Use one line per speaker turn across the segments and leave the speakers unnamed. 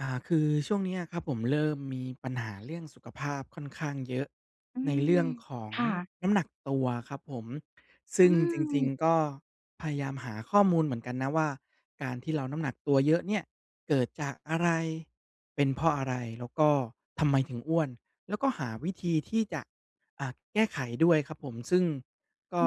อ่า คือช่วงนี้อะครับผม เริ่มมีปัญหาเรื่องสุขภาพค่อนข้างเยอะ
อื
ในเรื
ม
่องของ
ค่ะ
น้ำหนักตัวครับผม ซ
อ
ึ
ื
่งจริง
ม
ๆ ก็พยายามหาข้อมูลเหมือนกันนะว่า การที่เราน้ำหนักตัวเยอะเนี่ย เกิดจากอะไร? เป็นเพราะอะไร? แล้วก็ทำไมถึงอ้วน? แล้วก็หาวิธีที่จะ อ่า แก้ไขด้วยครับผม ซึ่งก
อื
็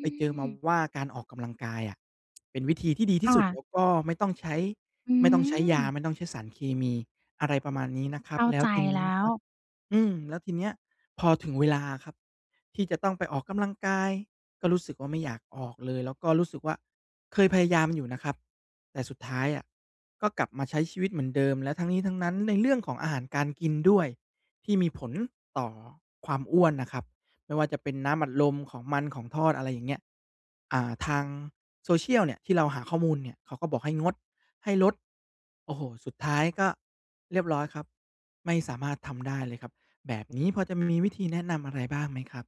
ไปเจอมา
ม
ว่า การออกกำลังกายอะเป็นวิธีที่ดีท
ค
ี่สุด
่ะ
แล้วก็ไม่ต้องใช้
อื
ไม่ต้องใช้ยา
ม
ไม่ต้องใช้สารเคมี อะไรประมาณนี้นะครั
เข
บ
้า
แล้
ใ
ว
จ
ทีนี
แล
้น
้
ะค
ว
รับ อืม แล้วทีเนี้ย พอถึงเวลาครับที่จะต้องไปออกกำลังกาย ก็รู้สึกว่าไม่อยากออกเลย แล้วก็รู้สึกว่า เคยพยายามอยู่นะครับ แต่สุดท้ายอะ ก็กลับมาใช้ชีวิตเหมือนเดิม แล้วทั้งนี้ทั้งนั้น ในเรื่องของอาหารการกินด้วย ที่มีผลต่อความอ้วนนะครับ ไม่ว่าจะเป็นน้ำอัดลม ของมัน ของทอด อะไรอย่างเงี้ย อ่า ทางโซเชียลเนี่ย ที่เราหาข้อมูลเนี่ย เขาก็บอกให้งด ให้ลด โอ้โฮ สุดท้ายก็เรียบร้อยครับ ไม่สามารถทำได้เลยครับ แบบนี้พอจะมีวิธีแนะนำอะไรบ้างไหมครับ?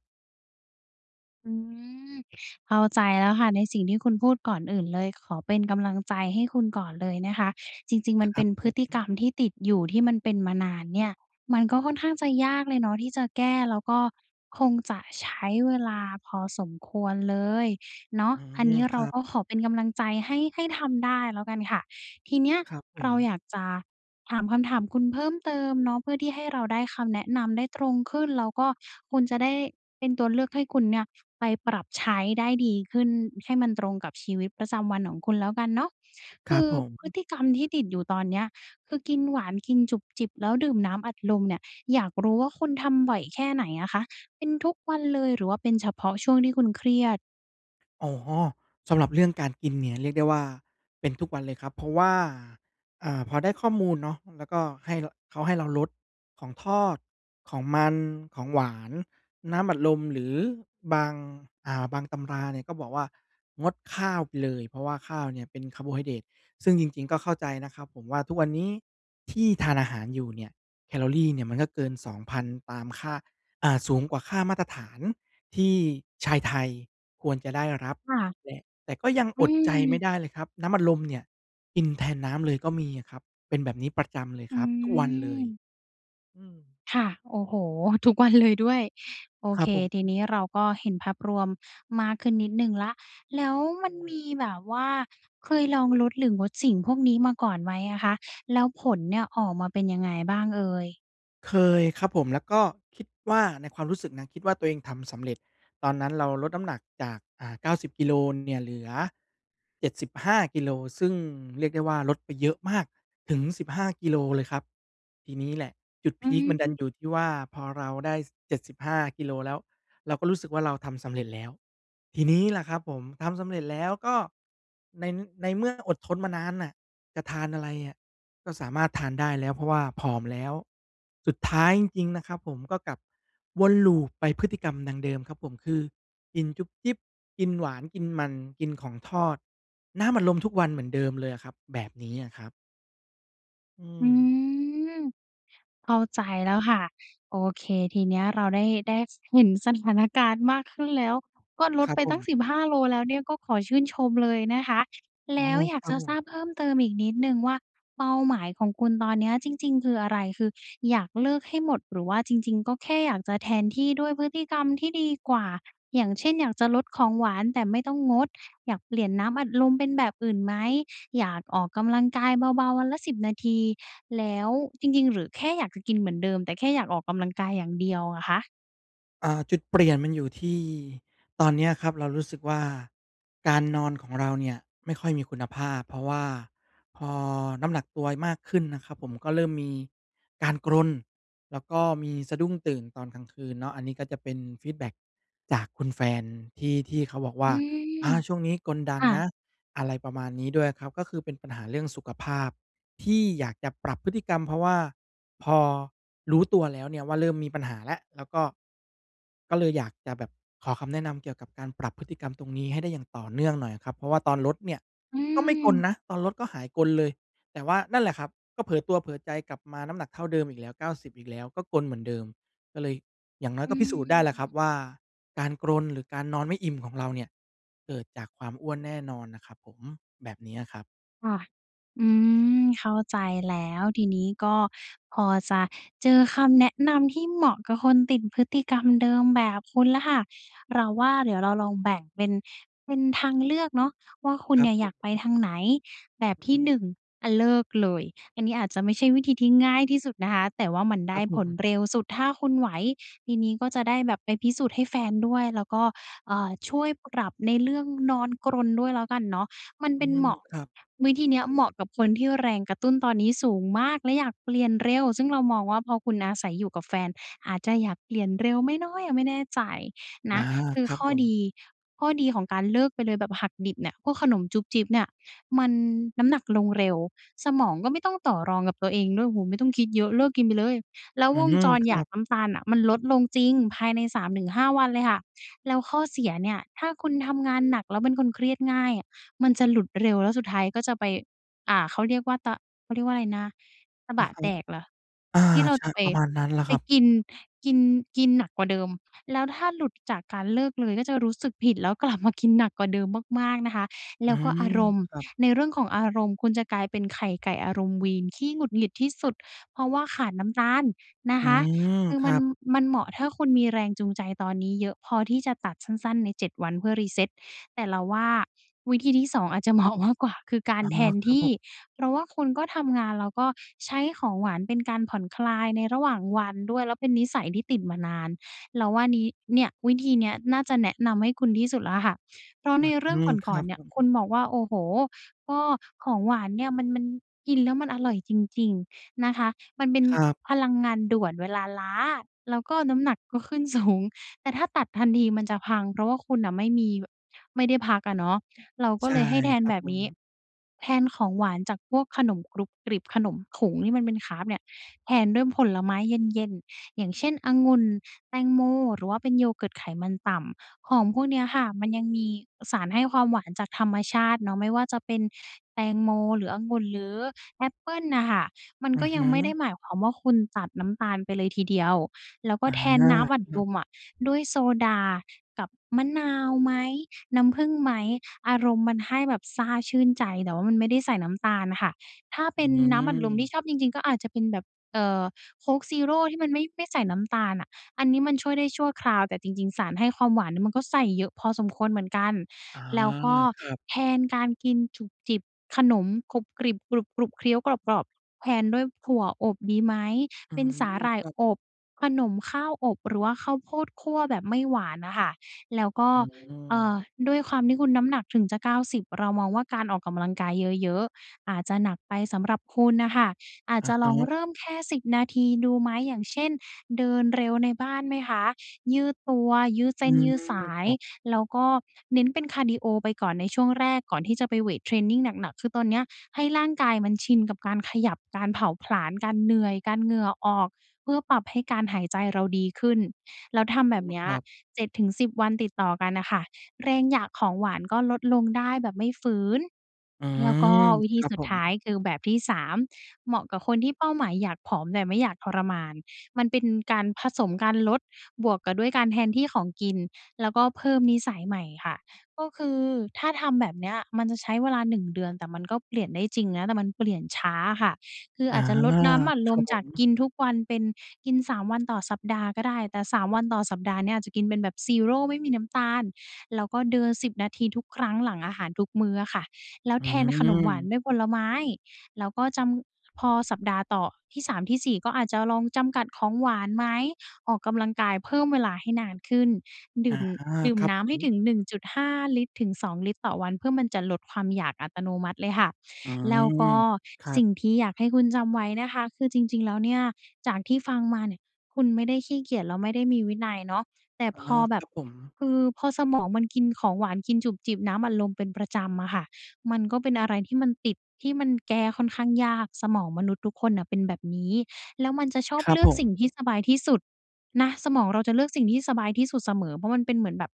อืม เข้าใจแล้วค่ะ ในสิ่งที่คุณพูด ก่อนอื่นเลยขอเป็นกำลังใจให้คุณก่อนเลยนะคะ จริง ๆ ม
ค
ัน
ร
เป
ั
็
บ
นพ
ผ
ฤติก
ม
รรมที่ติดอยู่ ที่มันเป็นมานานเนี่ย มันก็ค่อนข้างจะยากเลยเนาะที่จะแก้ แล้วก็คงจะใช้เวลาพอสมควรเลยเนาะ
อื
อันนี
ม
้
ค
เรา
รับ
ก็ขอเป็นกำลังใจให้ ให้ทำได้แล้วกันค่ะ ทีเนี้ย
ครับผ
เรา
ม
อยากจะถามคำถามคุณเพิ่มเติมเนาะ เพื่อที่ให้เราได้คำแนะนำได้ตรงขึ้น แล้วก็คุณจะได้เป็นตัวเลือกให้คุณเนี่ย ไปปรับใช้ได้ดีขึ้น ให้มันตรงกับชีวิตประจำวันของคุณแล้วกันเนาะ
ค
ค
รั
ื
บ
อ
ผ
พฤ
ม
ติกรรมที่ติดอยู่ตอนเนี้ย คือกินหวาน กินจุบจิบ แล้วดื่มน้ำอัดลมเนี่ย อยากรู้ว่าคุณทำบ่อยแค่ไหนอะคะ? เป็นทุกวันเลย หรือว่าเป็นเฉพาะช่วงที่คุณเครียด?
อ๋อ สำหรับเรื่องการกินเนี่ย เรียกได้ว่า เป็นทุกวันเลยครับ เพราะว่า อ่า พอได้ข้อมูลเนาะ เออ แล้วก็ให้ ล เขาให้เราลดของทอด ของมัน ของหวาน น้ำอัดลม หรือบาง อ่า บางตำราเนี่ย ก็บอกว่า งดข้าวไปเลย เพราะว่าข้าวเนี่ยเป็นคาร์โบไฮเดรต ซึ่งจริง ๆ ก็เข้าใจนะครับผมว่า ทุกวันนี้ที่ทานอาหารอยู่เนี่ย แคลอรีเนี่ย มันก็เกิน 2,000 ตามค่า อ่า สูงกว่าค่ามาตรฐาน ที่ชายไทยควรจะได้รับ
ค่ะ
และ แต่ก็ยัง
อื
อดใจไม
ม
่ได้เลยครับ น้ำอัดลมเนี่ยกินแทนน้ำเลยก็มีอะครับ เป็นแบบนี้ประจำเลย
อื
ครับ ทุกวันเลย
ม
อืม
ค่ะ โอ้โฮ ทุกวันเลยด้วย โอ
คร
เค
ับผ
ที
ม
นี้เราก็เห็นภาพรวมมากขึ้นนิดหนึ่งแล้ว แล้วมันมีแบบว่าเคยลองลดหรืองดสิ่งพวกนี้มาก่อนไหมอะคะ? แล้วผลเนี่ย ออกมาเป็นยังไงบ้างเอ่ย?
เคยครับผม แล้วก็คิดว่าในความรู้สึกนะ คิดว่าตัวเองทำสำเร็จ ตอนนั้นเราลดน้ำหนักจาก อ่า 90 กิโล น เนี่ย เหลือ 75 กิโล ซึ่งเรียกได้ว่าลดไปเยอะมาก ถึง 15 กิโลเลยครับ ทีนี้แหละจุด
อ
พ
ื
ีกมันดัน
ม
อยู่ที่ว่า พอเราได้ ส 75 กิโลแล้ว เราก็รู้สึกว่าเราทำสำเร็จแล้ว ทีนี้ล่ะครับผม ทำสำเร็จแล้วก็ใน ในเมื่ออดทนมานานน่ะ จะทานอะไรอะ ก็สามารถทานได้แล้ว เพราะว่าผอมแล้ว สุดท้ายจริง ๆ นะครับ ผมก็กลับวนลูปไปพฤติกรรมดังเดิมครับผม คือ กินจุบจิบ กินหวาน กินมัน กินของทอด น้ำอัดลมทุกวันเหมือนเดิมเลยอะครับ แบบนี้อะครับ อื
อื
ม
ม เข้าใจแล้วค่ะ โอเค ทีเนี้ยเราได้ ได้ เห็นสถานการณ์มากขึ้นแล้ว ก็ล
ค
ด
รับ
ไป
ผ
ตั้ง
ม
15 โลแล้วเนี่ย ก็ขอชื่นชมเลยนะคะ
อ๋
แล
อ
้วอย
ค
าก
รั
จ
บ
ะ
ผ
ทรา
ม
บเพิ่มเติมอีกนิดหนึ่งว่า เป้าหมายของคุณตอนเนี้ยจริง ๆ คืออะไร คืออยากเลิกให้หมด หรือว่าจริง ๆ ก็แค่อยากจะแทนที่ด้วยพฤติกรรมที่ดีกว่า อย่างเช่น อยากจะลดของหวานแต่ไม่ต้องงด อยากเปลี่ยนน้ำอัดลมเป็นแบบอื่นไหม? อยากออกกำลังกายเบาๆ วันละ 10 นาที แล้ว จริง ๆ หรือแค่อยากจะกินเหมือนเดิม แต่แค่อยากออกกำลังกายอย่างเดียวอะคะ?
อ่า จุดเปลี่ยนมันอยู่ที่ ตอนเนี้ยครับเรารู้สึกว่า การนอนของเราเนี่ยไม่ค่อยมีคุณภาพ เพราะว่าพอน้ำหนักตัวมากขึ้นนะครับผม ก็เริ่มมีการกรน แล้วก็มีสะดุ้งตื่นตอนกลางคืนเนาะ อันนี้ก็จะเป็นฟีดแบ็กจากคุณแฟนที่ ที่เขาบอกว
อื
่า
ม
"อ่า ช่วงนี้กรนดั
ค
ง
่
น
ะ
ะ" อะไรประมาณนี้ด้วยครับ ก็คือเป็นปัญหาเรื่องสุขภาพที่อยากจะปรับพฤติกรรม เพราะว่าพอรู้ตัวแล้วเนี่ยว่าเริ่มมีปัญหาและ แล้วก็ ก็เลยอยากจะแบบขอคำแนะนำ เกี่ยวกับการปรับพฤติกรรมตรงนี้ให้ได้อย่างต่อเนื่องหน่อยครับ เพราะว่าตอนลดเนี่ย
อื
ก็ไม่กร
ม
นนะ ตอนลดก็หายกรนเลย แต่ว่า นั่นแหละครับ ก็เผลอตัวเผลอใจกลับมาน้ำหนักเท่าเดิมอีกแล้ว 90 อีกแล้ว ก็กรนเหมือนเดิม ก็เลย อย่างน้อ
อ
ย
ื
ก็พิสูจน์ได้แหละครั
ม
บว่า การกรนหรือการนอนไม่อิ่มของเราเนี่ย เกิดจากความอ้วนแน่นอนนะครับผม แบบนี้อะครับ
ค่ะ อืม เข้าใจแล้ว ทีนี้ก็พอจะเจอคำแนะนำที่เหมาะกับคนติดพฤติกรรมเดิมแบบคุณแล้วค่ะ เราว่าเดี๋ยวเราลองแบ่งเป็น เป็นทางเลือกเนาะ ว่าคุ
ค
ณ
รั
เนี
บ
่ย
ผ
อยากไป
ม
ทางไหน แบบท
อ
ี่
ืม
1 อะเลิกเลย อันนี้อาจจะไม่ใช่วิธีที่ง่ายที่สุดนะคะ แต่ว่ามันไ
ค
ด
ร
้
ับผ
ผล
ม
เร็วสุดถ้าคุณไหว ทีนี้ก็จะได้แบบไปพิสูจน์ให้แฟนด้วย แล้วก็ เอ่อ ช่วยปรับในเรื่องนอนกรนด้วยแล้วกันเนาะ มัน
อื
เป็น
ม
เหมาะ
ครับ
วิธีเนี้ยเหมาะกับคนที่แรงกระตุ้นตอนนี้สูงมากและอยากเปลี่ยนเร็ว ซึ่งเรามองว่าพอคุณอาศัยอยู่กับแฟน อาจจะอยากเปลี่ยนเร็วไหมเนาะ ยังไม่แน่ใจน
อ
ะ
า
คื
ค
อ
รับ
ข้อ
ผม
ดี ข้อดีของการเลิกไปเลยแบบหักดิบเนี่ย พวกขนมจุบจิบเนี่ย มัน น้ำหนักลงเร็ว สมองก็ไม่ต้องต่อรองกับตัวเองด้วย โอ้โฮ ไม่ต้องคิดเยอะ เลิกกินไปเลย แล้ว
อื
วง
ม
จร
ค
อ
ร
ย
ั
าก
บ
น้ำตาลน่ะ มันลดลงจริงภายใน 3-5 วันเลยค่ะ แล้วข้อเสียเนี่ย ถ้าคุณทำงานหนักแล้วเป็นคนเครียดง่าย มันจะหลุดเร็วแล้วสุดท้ายก็จะไป อ่า เขาเรียกว่าตะ เขาเรียกว่าอะไรนะ ตบ
อะ
ะ
ฮะ
แตกเหรอ?
อา
ที่เรา
ใช
จะ
่
ไป
ประมาณนั้นแหละ
ไป
ครับ
กิน กิน กินหนักกว่าเดิม แล้วถ้าหลุดจากการเลิกเลยก็จะรู้สึกผิด แล้ว กลับ มากินหนักกว่าเดิมมาก ๆ นะคะ แ
อ
ล
ื
้วก็อา
ม
รมณ์
ครับ
ในเรื่องของอารมณ์ คุณจะกลายเป็นไข่ไก่อารมณ์วีน ขี้หงุดหงิดที่สุด เพราะว่าขาดน้ำตาลนะ
อื
คะ
ม
คือ
ค
ม
ร
ั
ั
น
บ
มันเหมาะถ้าคุณมีแรงจูงใจตอนนี้เยอะพอที่จะตัดสั้น ๆ ใน 7 วันเพื่อ reset แต่เราว่า วิธีที่ 2 อาจจะเหมาะมากกว่า คือ กา
อ๋
ร
อ
แทน
คร
ท
ับ
ี
ผ
่
ม
เพราะว่าคุณก็ทำงาน แล้วก็ใช้ของหวานเป็นการผ่อนคลายในระหว่างวันด้วย แล้วเป็นนิสัยที่ติดมานาน เราว่านี้ เนี่ย วิธีเนี้ยน่าจะแนะนำให้คุณที่สุดแล้วค่ะ เพราะ
อ
ในเรื
ื
่อง
ม ค
ก่
ร
อ
ั
น
บ
ๆ เนี
ผ
่ย คุณ
ม
บอกว่า โอ้โฮ ก็ของหวานเนี่ยมัน มันกินแล้วมันอร่อยจริง ๆ นะคะ มันเป็น
ครับ
พลังงานด่วนเวลาล้า แล้วก็น้ำหนักก็ขึ้น สูง แต่ถ้าตัดทันทีมันจะพัง เพราะว่าคุณน่ะไม่มี บ ไม่ได้พักอะเนาะ เราก็
ใช่
เลยให้แท
ค
น
รับ
แบบ
ผ
นี้
ม
แทนของหวานจากพวกขนมกรุบกริบ ขนมถุงที่มันเป็นคาร์บเนี่ย แทนด้วยผลไม้เย็น ๆ อย่างเช่น องุ่น แตงโม หรือว่าเป็น yogurt ไขมันต่ำ ของพวกเนี้ยค่ะมันยังมีสารให้ความหวานจากธรรมชาติเนาะ ไม่ว่าจะเป็นแตงโม หรือองุ่น หรือแอปเปิ้ลน่ะค่ะ มัน
อื
ก็
อฮ
ยัง
ึ
ไม่ได้หมายความว่าคุณตัดน้ำตาลไปเลยทีเดียว แล้วก็
อา
แท
ค
นน้ำอัด
ร
ล
ับ
มอะด้วยโซดากับมะนาวไหม? น้ำผึ้งไหม? อารมณ์มันให้แบบซ่าชื่นใจ แต่ว่ามันไม่ได้ใส่น้ำตาลน่ะค่ะ ถ้าเ
อ
ป
ื
็นน้ำอัดลมที
ม
่ชอบจริง ๆ ก็อาจจะเป็นแบบ เอ่อ โค้กซีโร่ที่มันไม่ ไม่ใส่น้ำตาลอะ อันนี้มันช่วยได้ชั่วคราว แต่จริง ๆ สารให้ความหวานมันก็ใส่เยอะพอสมควรเหมือนกัน
อา
แล้วก็
ครับ
แทนการกินจุบจิบ ขนมกรุบกริบ กรุบ ๆ เคี้ยวกรอบ ๆ แทนด้วยถั่วอบดีไหม?
อื
เป็น
ม
สาหร่า
ค
ย
รับ
อบ ขนมข้าวอบ หรือว่าข้าวโพดคั่วแบบไม่หวานน่ะค่ะ แล้วก็
อื
เอ่
ม
อ ด้วยความที่คุณน้ำหนักถึงจะ 90 เรามองว่าการออกกำลังกายเยอะ ๆ อาจจะหนักไปสำหรับคุณน่ะค่ะ อาจ
อ
จ
ะ
ะล
ฮ
อง
ะ
เริ่มแค่ 10 นาทีดูไหม อย่างเช่น เดินเร็วในบ้านไหมคะ? ยืดตัว ยืดเส
อื
้นยื
ม
ดสา
ค
ย
รับ
แล้วก็เน้นเป็นคาร์ดีโอไปก่อนในช่วงแรก ก่อนที่จะไปเวทเทรนนิงหนัก ๆ คือตอนเนี้ยให้ร่างกายมันชินกับการขยับ การเผาผลาญ การเหนื่อย การเหงื่อออก เพื่อปรับให้การหายใจเราดีขึ้น แล้วทำ
อื
แบบ
อ
เนี้ย
ครับ
7-10 วันติดต่อกันน่ะค่ะ แรงอยากของหวานก็ลดลงได้แบบไม่ฝืน
อื
แล้วก็
ม
วิธี
ครั
ส
บ
ุ
ผ
ดท
ม
้ายคือแบบที่ 3 เหมาะกับคนที่เป้าหมายอยากผอม แต่ไม่อยากทรมาน มันเป็นการผสมการลดบวกกับด้วยการแทนที่ของกิน แล้วก็เพิ่มนิสัยใหม่ค่ะ ก็คือถ้าทำแบบเนี้ยมันจะใช้เวลา 1 เดือน แต่มันก็เปลี่ยนได้จริงนะ แต่มันเปลี่ยนช้าอะค่ะ คือ
อ
อ
า
าจจะลดน้ำอัด
ค
ล
ร
ม
ับผ
จาก
ม
กินทุกวันเป็นกิน 3 วันต่อสัปดาห์ก็ได้ แต่ 3 วันต่อสัปดาห์เนี่ยอาจจะกินเป็นแบบซีโร่ไม่มีน้ำตาล แล้วก็เดิน 10 นาทีทุกครั้งหลังอาหารทุกมื้ออะค่ะ แล้ว
อื
แทนขนมหวาน
ม
ด้วยผลไม้ แล้วก็จำ พอสัปดาห์ต่อ ที่ 3 ที่ 4 ก็อาจจะลองจำกัดของหวานไหม? ออกกำลังกายเพิ่มเวลาให้นานขึ้น ด
อ๋
ื
อ
่ม ดื่ม
ครั
น
บ
้
ผ
ำให้
ม
ถึง 1.5 ลิตร ถึง 2 ลิตรต่อวัน เพื่อมันจะลดความอยากอัตโนมัติเลยค่ะ
อื
แล้ว
ม
ก็
ครั
สิ
บ
่งที่อยากให้คุณจำไว้นะคะ คือจริง ๆ แล้วเนี่ย จากที่ฟังมาเนี่ย คุณไม่ได้ขี้เกียจ แล้วไม่ได้มีวินัยเนาะ แต่
อา
พอแบ
ค
บ
รับผม
คือพอสมองมันกินของหวาน กินจุบจิบน้ำอัดลมเป็นประจำอะค่ะ มันก็เป็นอะไรที่มันติด ที่มันแก้ค่อนข้างยาก สมองมนุษย์ทุกคนน่ะเป็นแบบนี้ แล้วมันจะชอบ
ครั
เล
บ
ือ
ผ
กสิ่งที่
ม
สบายที่สุดนะ สมองเราจะเลือกสิ่งที่สบายที่สุดเสมอ เพราะมันเป็นเหมือนแบบ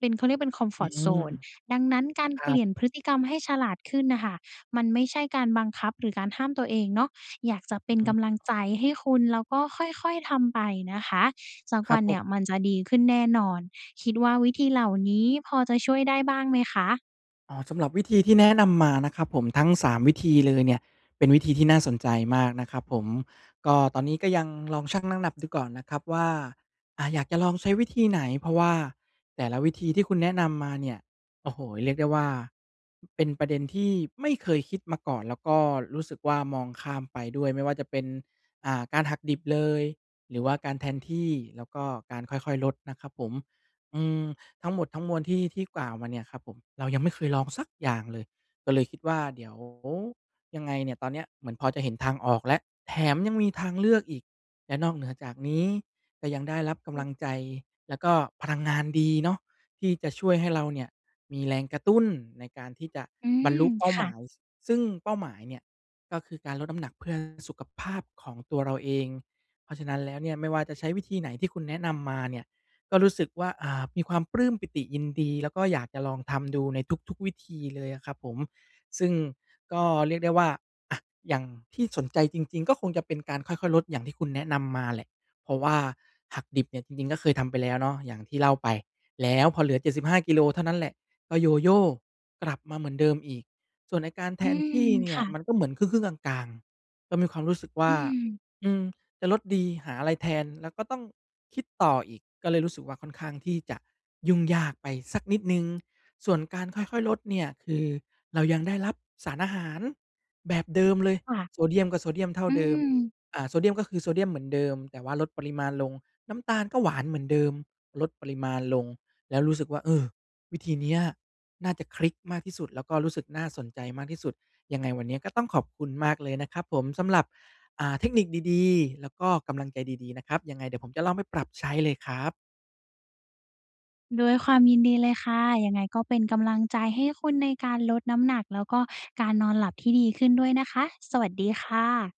เป็น เขาเรียกเป็น
อื
comfort
ม
zone ดังนั้นการ
คร
เป
ั
ลี
บ
่ยนพฤติกรรมให้ฉลาดขึ้นน่ะค่ะ มันไม่ใช่การบังคับหรือการห้ามตัวเองเนาะ อยากจะเป็น
อ
ก
ืม
ำลังใจให้คุณ แล้วก็ค่อย ๆ ทำไปนะคะ สัก
คร
ว
ั
ั
บ
น
ผ
เนี่
ม
ยมันจะดีขึ้นแน่นอน คิดว่าวิธีเหล่านี้พอจะช่วยได้บ้างไหมคะ?
อ๋อ สำหรับวิธีที่แนะนำมานะครับผม ทั้ง 3 วิธีเลยเนี่ย เป็นวิธีที่น่าสนใจมากนะครับผม ก็ตอนนี้ก็ยังลองชั่งน้ำหนักดูก่อนนะครับว่า อ่า อยากจะลองใช้วิธีไหน? เพราะว่าแต่ละวิธีที่คุณแนะนำมาเนี่ย โอ้โฮ เรียกได้ว่า เป็นประเด็นที่ไม่เคยคิดมาก่อน แล้วก็รู้สึกว่า มองข้ามไปด้วย ไม่ว่าจะเป็น อ่า การหักดิบเลยหรือว่าการแทนที่ แล้วก็การค่อย ๆ ลดนะครับผม อืม ทั้งหมดทั้งมวลที่ ที่กล่าวมาเนี่ยครับผม เรายังไม่เคยลองสักอย่างเลย ก็เลยคิดว่า เดี๋ยวยังไงเนี่ยตอนเนี้ยเหมือนพอจะเห็นทางออกแล้ว แถมยังมีทางเลือกอีก และนอกเหนือจากนี้ก็ยังได้รับก
อื
ำลั
ม
งใจ แล้วก็พลังงานดีเนาะ ที่จะช่วยให้เราเนี่ยมีแรงกระตุ้นในการที่จะ
อื
บรร
ม
ลุเป้า
ค
ห
่
ม
ะ
าย ซ ซึ่งเป้าหมายเนี่ย ก็คือการลดน้ำหนักเพื่อสุขภาพของตัวเราเอง เพราะฉะนั้นแล้วเนี่ย ไม่ว่าจะใช้วิธีไหนที่คุณแนะนำมาเนี่ยก็รู้สึกว่า อ่า มีความปลื้มปีติยินดี แล้วก็อยากจะลองทำดูในทุก ๆ วิธีเลยอะครับผม ซึ่งก็เรียกได้ว่า อะ อย่างที่สนใจจริง ๆ ก็คงจะเป็นการค่อย ๆ ลดอย่างที่คุณแนะนำมาแหละ เพราะว่าหักดิบเนี่ยจริง ๆ ก็เคยทำไปแล้วเนาะ อย่างที่เล่าไป แล้วพอเหลือ 75 กิโลเท่านั้นแหละ ก็ Yoyo กลับมาเหมือนเดิมอีก ส่วนไอ้การแ
อ
ท
ื
นท
ม
ี่เน
ค
ี่ย
่ะ
มันก็เหมือนครึ่ง ๆ กลาง ๆ ก็มีความรู้สึกว
อ
่
ื
า
ม
อืม จะลดดี หาอะไรแทนแล้วก็ต้องคิดต่ออีก ก็เลยรู้สึกว่า ค่อนข้างที่จะยุ่งยากไปสักนิดหนึ่ง ส่วนการค่อย ๆ ลดเนี่ย คือเรายังได้รับสารอาหารแบบเดิมเลย
ค่ะ
โซเดียมก็โซเดียมเท่า
อื
เดิม
ม
เอ่อ โซเดียม ก็คือ โซเดียมเหมือนเดิมแต่ว่าลดปริมาณลง น้ำตาลก็หวานเหมือนเดิม ลดปริมาณลง แล้วรู้สึกว่า เออ วิธีเนี้ย น่าจะคลิกมากที่สุด แล้วก็รู้สึกน่าสนใจมากที่สุด ยังไงวันเนี้ยก็ต้องขอบคุณมากเลยนะครับผมสำหรับ อ่า เทคนิคดี ๆ แล้วก็กำลังใจดี ๆ นะครับ ยังไงเดี๋ยวผมจะลองไปปรับใช้เลยครับ
ด้วยความยินดีเลยค่ะ ยังไงก็เป็นกำลังใจให้คุณในการลดน้ำหนักแล้วก็การนอนหลับที่ดีขึ้นด้วยนะคะ สวัสดีค่ะ